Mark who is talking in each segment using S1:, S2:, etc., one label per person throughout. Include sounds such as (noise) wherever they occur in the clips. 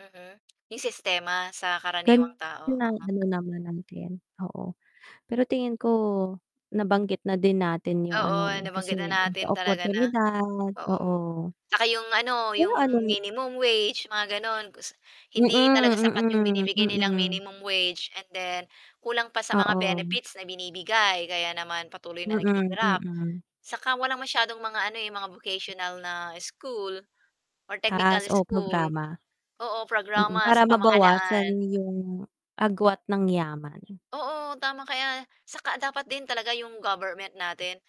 S1: Mhm, 'yong sistema sa
S2: Gan
S1: karaniwang tao,
S2: nala
S1: uh-huh.
S2: nalalaman natin, oo. Pero tingin ko nabanggit na din natin yung ano,
S1: Oo,
S2: eh, kasi
S1: nabanggit na
S2: sa
S1: natin talaga na
S2: oportunidad,
S1: oo.
S2: oo.
S1: Tsaka 'yong ano
S2: Eh,
S1: 'yong
S2: ano
S1: minimum wage mga gano'n kus
S2: Mm,
S1: hindi talaga sapat 'yong
S2: mm,
S1: binibigay nilang
S2: mm.
S1: minimum wage and then kulang pa sa mga
S2: Oo.
S1: benefits na binibigay kaya naman patuloy na
S2: Mm,
S1: naghihirap.
S2: mm.
S1: Saka walang masyadong mga ano eh, mga vocational na school or technical
S2: Taas o
S1: school.
S2: programa?
S1: Oo,
S2: Mm,
S1: programa sa
S2: para mabawasan
S1: pamahalaan.
S2: yung agwat ng yaman.
S1: Oo tama kaya saka dapat din talaga 'yong government natin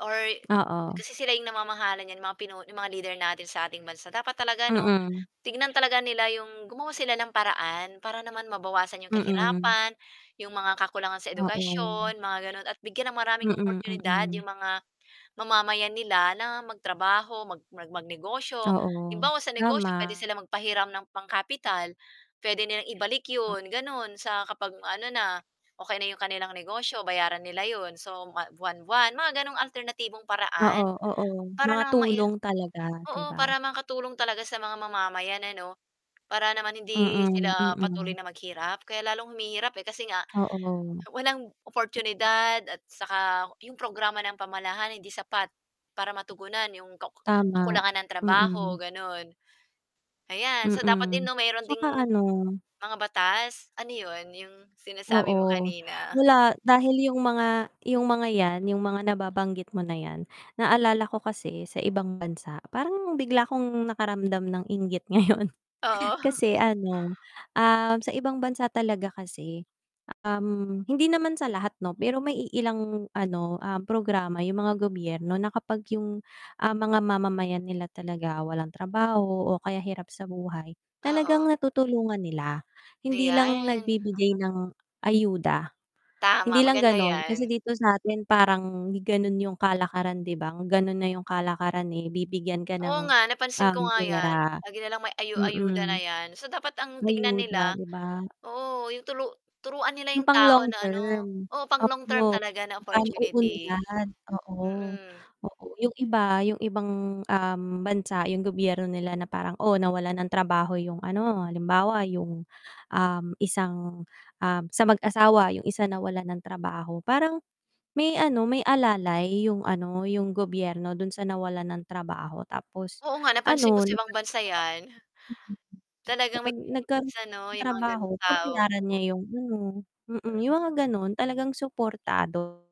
S1: or
S2: Oo.
S1: kasi sila 'yong namamahala niyan mga pinu 'yong mga leader natin sa ating bansa dapat talaga ano
S2: Mm.
S1: tignan talaga nila 'yong gumawa sila ng paraan para naman mabawasan 'yong
S2: Mm.
S1: kahirapan, 'yong mga kakulangan sa
S2: Oo.
S1: edukasyon mga gano'n at bigyan ng maraming
S2: Mm,
S1: oportunidad
S2: mm.
S1: 'yong mga mamamayan nila na magtrabaho mag mag mag-negosyo.
S2: Oo,
S1: Halimbawa sa negosyo
S2: tama.
S1: pwede silang magpahiram ng pangkapital pwede nilang ibalik
S2: Ah.
S1: yun ganun sa kapag ano na okey na 'yong kanilang negosyo bayaran nila yun. So buwa buwan-buwan mga ganong alternatibong paraan
S2: Oo, oo.
S1: para
S2: Mga
S1: naman mai
S2: tulong talaga, di
S1: Oo,
S2: ba?
S1: para makatulong talaga sa mga ma mamayan na ano para naman hindi
S2: Mm,
S1: sila patuloy
S2: mm.
S1: na maghirap kaya lalong humihirap eh, kasi nga
S2: Oo.
S1: walang oportunidad at saka 'yong programa ng pamahalaan hindi sapat para matugunan 'yong kaku
S2: Tama,
S1: kakulangan ng trabaho
S2: mm.
S1: gano'n, ayan. So dapat din
S2: Mm,
S1: no meron ding
S2: tsaka ano
S1: mga batas Ano yun, yung
S2: Oo.
S1: sinasabi mo kanina?
S2: Wala. Dahil yung mga yung mga yan yung mga nababanggit mo na yan, naalala ko kasi sa ibang bansa parang bigla kong nakaramdam ng inggit ngayon.
S1: Oo. (chuckles)
S2: Kasi ano, ah, sa ibang bansa talaga kasi, um, hindi naman sa lahat no, pero may iilang ano, um, programa yung mga gobyerno na kapag yung, ah, mga mamamayan nila talaga walang trabaho o kaya hirap sa buhay
S1: Oo.
S2: talagang natutulungan nila hindi lang
S1: Ayan,
S2: nagbibigay
S1: mhm.
S2: ng ayuda, hindi
S1: Tama
S2: lang
S1: maganda
S2: ganon.
S1: 'yan.
S2: Kasi dito satin parang ganon yung kalakaran di ba ganun na yung kalakaran, eh, bibigyan ka
S1: Oo
S2: ng,
S1: nga napansin
S2: um,
S1: ko nga 'yan.
S2: pera.
S1: Lagi na lang may ayo-ayuda na
S2: Mm.
S1: 'yan. So dapat ang tignan nila
S2: Ayuda, di ba?
S1: oo, 'yong tulu turuan nila
S2: Yung
S1: 'yong
S2: pang
S1: tao
S2: long
S1: na ano,
S2: term.
S1: oo, pang
S2: Ap
S1: long-term
S2: oh.
S1: talaga na
S2: Magkano o
S1: opportunity.
S2: binigyan. Oo,
S1: Mm.
S2: oo yung iba, yung ibang, um, bansa yung gobyerno nila na parang, oh nawalan ng trabaho yung ano, halimbawa yung, um, isang, ah, sa mag-asawa yung isa nawalan ng trabaho, parang may ano may alalay yung ano, yung gobyerno dun sa nawalan ng trabaho tapos
S1: Oo nga napansin ko
S2: ano
S1: sa ibang bansa yan.
S2: (unintelligible)
S1: Talagang
S2: kapag
S1: may
S2: nagkaroon
S1: benefits ano
S2: ng
S1: yung mga
S2: trabaho
S1: ganung tao.
S2: babayaran niya yung ano, mm, yung mga ganon talagang suportado.